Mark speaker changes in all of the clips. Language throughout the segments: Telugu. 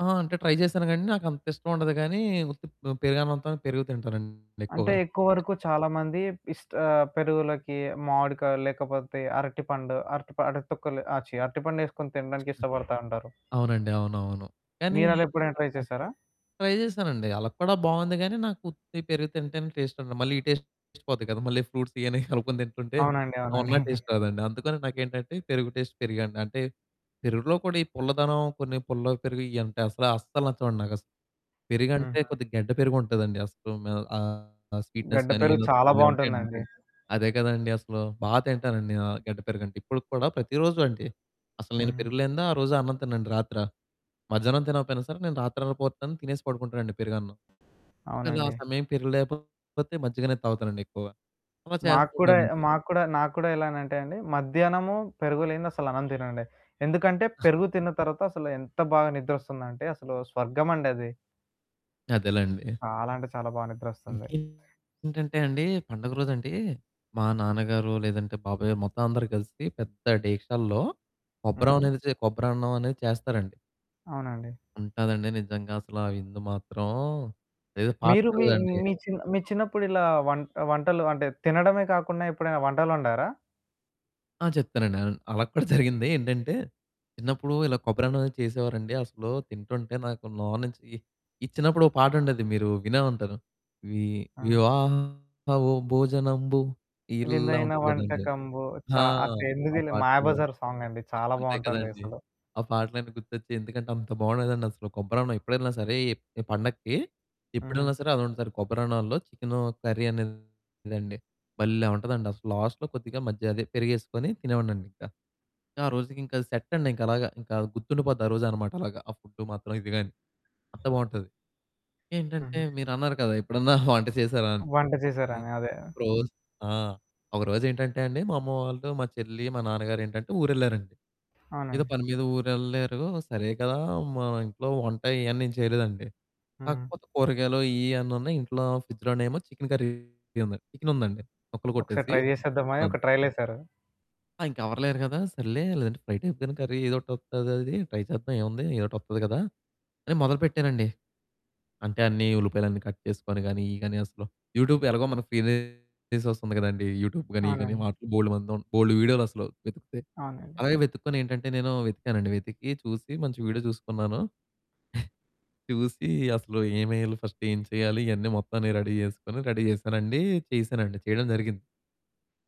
Speaker 1: ఆ! అంటే ట్రై జేసాను కానండి. నాకు అంత ఇష్టం ఉండదు గానీ, ఉత్తి ప్ పెరగనంతోని పెరుగు తింటానండి
Speaker 2: అంటే
Speaker 1: ఎక్కువగా
Speaker 2: ఎక్కువ
Speaker 1: అంతే.
Speaker 2: వరకు చాలామంది ఇష్ట ఆహ్, పెరుగులకి మామిడికాయలు లేకపోతే అరటిపండు అరటి ప అరటి తొక్కలు ఆహ్, ఛీ! అరటిపండేసుకొని తినడానికి ఇష్టపడతా ఉంటారు.
Speaker 1: అవునండి. అవునవును. కానీ
Speaker 2: మీరలా ఎప్పుడైనా ట్రై
Speaker 1: [unintelligible]
Speaker 2: చేసారా?
Speaker 1: ట్రై చేసానండి. అలా కూడా బావుంది గానీ, నాకు ఉత్తి పెరుగు తింటేనే టేస్టుండదు. మళ్ళీ ఈ టేస్ట్, టేస్ట్ పోద్ది గదా మళ్ళీ ఫ్రూట్సియన్నీ కనుక్కొని తింటుంటే
Speaker 2: అవునండి అవునండి.
Speaker 1: ఉన్న టేస్ట్ రాదండి. అందుకని నాకేంటంటే పెరుగు టేస్ట్ పెరుగే అండి. అంటే పెరుగులో కూడా ఈ పుల్లదనం కొన్ని పుల్ల పెరుగు ఇ అంటే అసల అస్సలు నచ్చవండి నాకు. అసలు పెరుగంటే
Speaker 2: హుహు.
Speaker 1: కొద్దిగా గడ్డ పెరుగుంటదండి అసలు ఆహ్, స్వీట్నెస్
Speaker 2: గడ్డ
Speaker 1: గాని
Speaker 2: పెరుగు చాలా బావుంటుందండి.
Speaker 1: [unintelligible] అదే కదండీ అసలు. బా తింటానండి ఆ గడ్డ పెరుగంటే ఇప్పటికి కూడా ప్రతిరోజు అండి అసలు నేను
Speaker 2: హుహు.
Speaker 1: పెరుగు లేనిదా ఆ రోజు అన్నం తినండి రాతిర. మధ్యాహ్నం తినకపోయినా సరే, నేను రాత్రి పోతాను తినేసి పడుకుంటానండి పెరుగన్నం. ఒకవేళ ఆ
Speaker 2: అవునండి.
Speaker 1: సమయం పెరగలేకపోతే మజ్జిగానే తాగుతానండి ఎక్కువగా అలా
Speaker 2: మాకు కూడ
Speaker 1: చేస్తున్నానండి.
Speaker 2: మాకు కూడా నాకు కూడా ఎలానంటే అండి మధ్యాహ్నము పెరుగు లేనిదసలు అన్నం తిననండి. ఎందుకంటే పెరుగు తిన్న తర్వాత అసలు ఎంత బాగా నిద్రొస్తుందంటే అసలు స్వర్గం అండి అది.
Speaker 1: అదేలెండి.
Speaker 2: చాలా అంటే చాలా బా నిద్రొస్తుంది.
Speaker 1: ఇంకేంటంటే అండి. పండగ రోజండి మా నాన్నగారో లేదంటే బాబాయొ మొత్తం అందరూ కలిసి పెద్ద డేగిక్షాల్లో కొబ్బరం
Speaker 2: హుహు.
Speaker 1: అనేదిసీ కొబ్బరి అన్నం అనేది చేస్తారండి.
Speaker 2: అవునండి.
Speaker 1: ఉంటాదండి నిజంగా అసల ఆ విందు మాత్రం ఏదో
Speaker 2: మీరు మీ
Speaker 1: పాట్నర్‌దండి.
Speaker 2: మీ చిన్ మీ చిన్నప్పుడిలా వంట వంటలు అంటే తినడమే కాకుండా ఎప్పుడైనా వంటలొండారా?
Speaker 1: ఆ! చెప్తానండి అన్ అలా కూడా జరిగింది. ఏంటంటే చిన్నప్పుడు ఇలా కొబ్బరి అన్నం అనేది చేసేవారండి. అసలు తింటుంటే నాకు నోర్నుంచి ఇచ్చినప్పుడు ఒక పాటుండేది మీరు వినే ఉంటారు. వి
Speaker 2: ఆ!
Speaker 1: వివాహ ఓ భోజనంబు ఇల్లా
Speaker 2: విందైన
Speaker 1: ఉంటది గదండీ!
Speaker 2: వంటకంబు చ
Speaker 1: ఆ!
Speaker 2: ఆ తిండి
Speaker 1: ఆ
Speaker 2: తిని
Speaker 1: పాటలు.
Speaker 2: 'మాయాబజార్' సాంగండి చాలా
Speaker 1: అంతే
Speaker 2: బావుంటుంది
Speaker 1: కదండీ!
Speaker 2: అసలు.
Speaker 1: ఆ పాటలన్నీ గుర్తొచ్చాయి. ఎందుకంటే అంత బావుండేదండి అసలు కొబ్బరి అన్నం ఎప్పుడెళ్ళినా సరే ఈ పండక్కి
Speaker 2: ఆ!
Speaker 1: ఎప్పుడెళ్ళినా సరే అదొండుతారు. కొబ్బరిన్నాల్లో చికెను కర్రీదండి భల్లే ఉంటదండి. అసలు లాస్టులో కొద్దిగా మజ్జిగ అదే పెరిగేసుకొని తినేవాడినండింకా. ఇంకా ఆ రోజుకింకా సెట్టండి ఇంకలాగా ఇంకా గుర్తుండిపోద్ది ఆ రోజనమాట అలాగా. ఆ ఫుడ్డు మాత్రం ఇది గాని అంత బావుంటది. ఇంకేంటంటే
Speaker 2: హుహు.
Speaker 1: మీరన్నారు కదా ఎప్పుడన్నా వంట చేసారా అని
Speaker 2: వంట చేసారని అదే.
Speaker 1: ఒకరోజు ఆ! ఒకరోజేంటంటే అండి మా అమ్మ వాళ్ళు, మా చెల్లి, మా నాన్నగారేంటంటే ఊరెళ్లారండి. ఏదో
Speaker 2: అవునండి.
Speaker 1: పని మీద ఊరు ఎళ్ళారు సరే కదా, మా ఇంట్లో వంట ఇయన్నీ ఏం చేయలేదండి.
Speaker 2: హ్మ్.
Speaker 1: కాకపోతే కూరగాయలు ఇయన్నీ ఉన్నాయి. ఇంట్లో ఫ్రిడ్జులోనేమో చికెన్ కర్రీ చికెనుందండి ముక్కలు
Speaker 2: ఒకసారి
Speaker 1: కొట్టేసి.
Speaker 2: ట్రై చేసేద్దామని
Speaker 1: అవును.
Speaker 2: ఒక ట్రైలేసారు.
Speaker 1: ఆ! ఇంక ఎవరు లేరు గదా సర్లే లేదంటే ఫ్రై టైప్‌గాని కర్రీ ఏదోకటి వస్తదది ట్రై చేద్దాం ఏముంది ఏదో ఒకటి వత్తది గదా అని మొదలు పెట్టానండి. అంటే అన్ని ఉల్లిపాయలన్ని కట్ చేసుకొని గాని ఇయి గాని అసలు యూట్యూబ్ ఎలాగో మన ఫీ సోర్స్ ఉంది గదండీ యూట్యూబ్ గాని ఇయి గాని
Speaker 2: అవునండి.
Speaker 1: వాటి బోలెడుమందుం బోలెడు వీడియోలసలు. వెతికితే
Speaker 2: అవునండి.
Speaker 1: అలాగే వెతుక్కొని ఏంటంటే నేను వెతికానుండి వెతికి చూసి మంచి వీడియో చూసుకున్నాను. చూసి అసలు ఏమెయ్యాలి ఫస్టు ఏం చేయాలి ఇయన్నీ మొత్తం నేను రెడీ జేసుకొని రెడీ చేసానండి, చేశానండి చేయడం జరిగింది.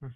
Speaker 2: హ్మ్.